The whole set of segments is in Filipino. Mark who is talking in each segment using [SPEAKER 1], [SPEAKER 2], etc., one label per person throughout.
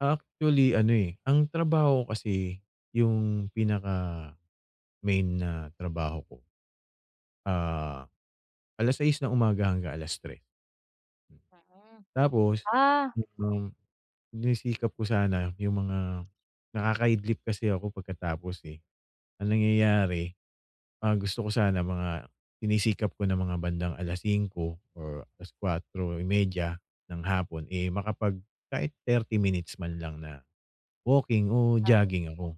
[SPEAKER 1] Actually ano, eh, ang trabaho ko kasi yung pinaka-main na trabaho ko, ah, alas 6 ng umaga hanggang alas 3.
[SPEAKER 2] Mhm,
[SPEAKER 1] Tapos,
[SPEAKER 2] ah.
[SPEAKER 1] mm, sinisikap ko sana yung mga nakaka-idlip kasi ako pagkatapos, eh, ang nangyayari, ah, gusto ko sana mga sinisikap ko ng mga bandang alas 5 or alas 4:30 ng hapon, eh, makapag kahit 30 minutes man lang na walking o
[SPEAKER 2] [unintelligible]
[SPEAKER 1] jogging ako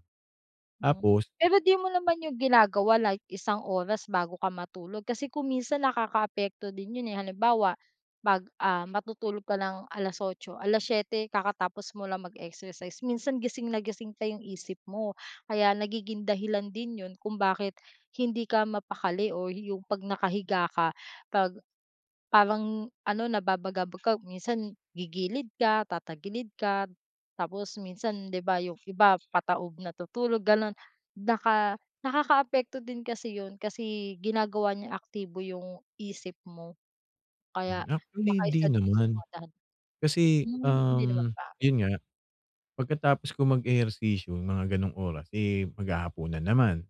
[SPEAKER 2] Hmm,
[SPEAKER 1] tapos
[SPEAKER 2] pero di mo naman yun ginagawa like isang oras bago ka matulog kasi kung minsan nakakaapekto din yun, eh, halimbawa pag, ah, matutulog ka ng alas 8, alas 7 kakatapos mo lang mag-exercise minsan gising na gising pa yung isip mo. Kaya nagiging dahilan din yun kung bakit hindi ka mapakali o yung pag nakahiga ka pag parang ano, nababagabag ka minsan gigilid ka tatagilid ka tapos minsan, di ba yung iba pataob natutulog ganun. Naka nakakaapekto din kasi yun kasi ginagawa niyang aktibo yung isip mo
[SPEAKER 1] Hmm,
[SPEAKER 2] kaya
[SPEAKER 1] actually
[SPEAKER 2] baka
[SPEAKER 1] hindi
[SPEAKER 2] isa din sa
[SPEAKER 1] naman.
[SPEAKER 2] mga dahilan
[SPEAKER 1] Kasi,
[SPEAKER 2] hmm, hindi naman
[SPEAKER 1] um,
[SPEAKER 2] pa.
[SPEAKER 1] yun nga pagkatapos ko mag-ehersisyo mga ganong oras, eh, maghahapunan naman,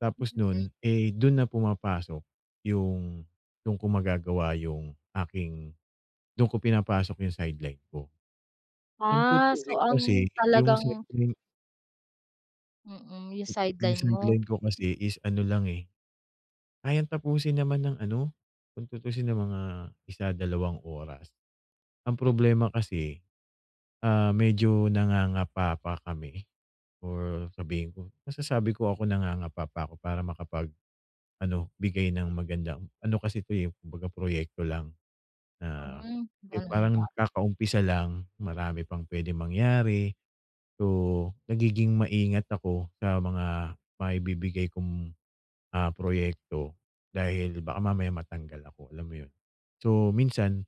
[SPEAKER 1] tapos nun, eh, dun na pumapasok yung dun ko magagawa yung aking dun ko pinapasok yung sideline ko. Kung
[SPEAKER 2] Ah, so
[SPEAKER 1] tutuusin
[SPEAKER 2] ang
[SPEAKER 1] kasi yung
[SPEAKER 2] talagang
[SPEAKER 1] sideline
[SPEAKER 2] Mm, yung
[SPEAKER 1] Eh, yung
[SPEAKER 2] sideline mo.
[SPEAKER 1] sideline ko kasi is ano lang, eh, kayang tapusin naman ng ano kung tutuusin ng mga 1, 2 oras. Ang
[SPEAKER 2] Hmm.
[SPEAKER 1] problema kasi, ah, medyo nangangapa pa kami or sabihin ko masasabi ko ako nangangapa pa ko para makapag ano, bigay ng magandang ano kasi ito, eh, kumbaga proyekto lang na
[SPEAKER 2] Mm,
[SPEAKER 1] yung
[SPEAKER 2] ganun
[SPEAKER 1] parang
[SPEAKER 2] ba.
[SPEAKER 1] kakaumpisa lang, marami pang pwedeng mangyari. So, nagiging maingat ako sa mga maibibigay kong, ah, proyekto dahil baka mamaya matanggal ako, alam mo yun? So, minsan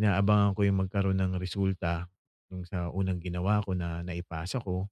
[SPEAKER 1] inaabangan ko yung magkaroon ng resulta yung sa unang ginawa ko na naipasa ko.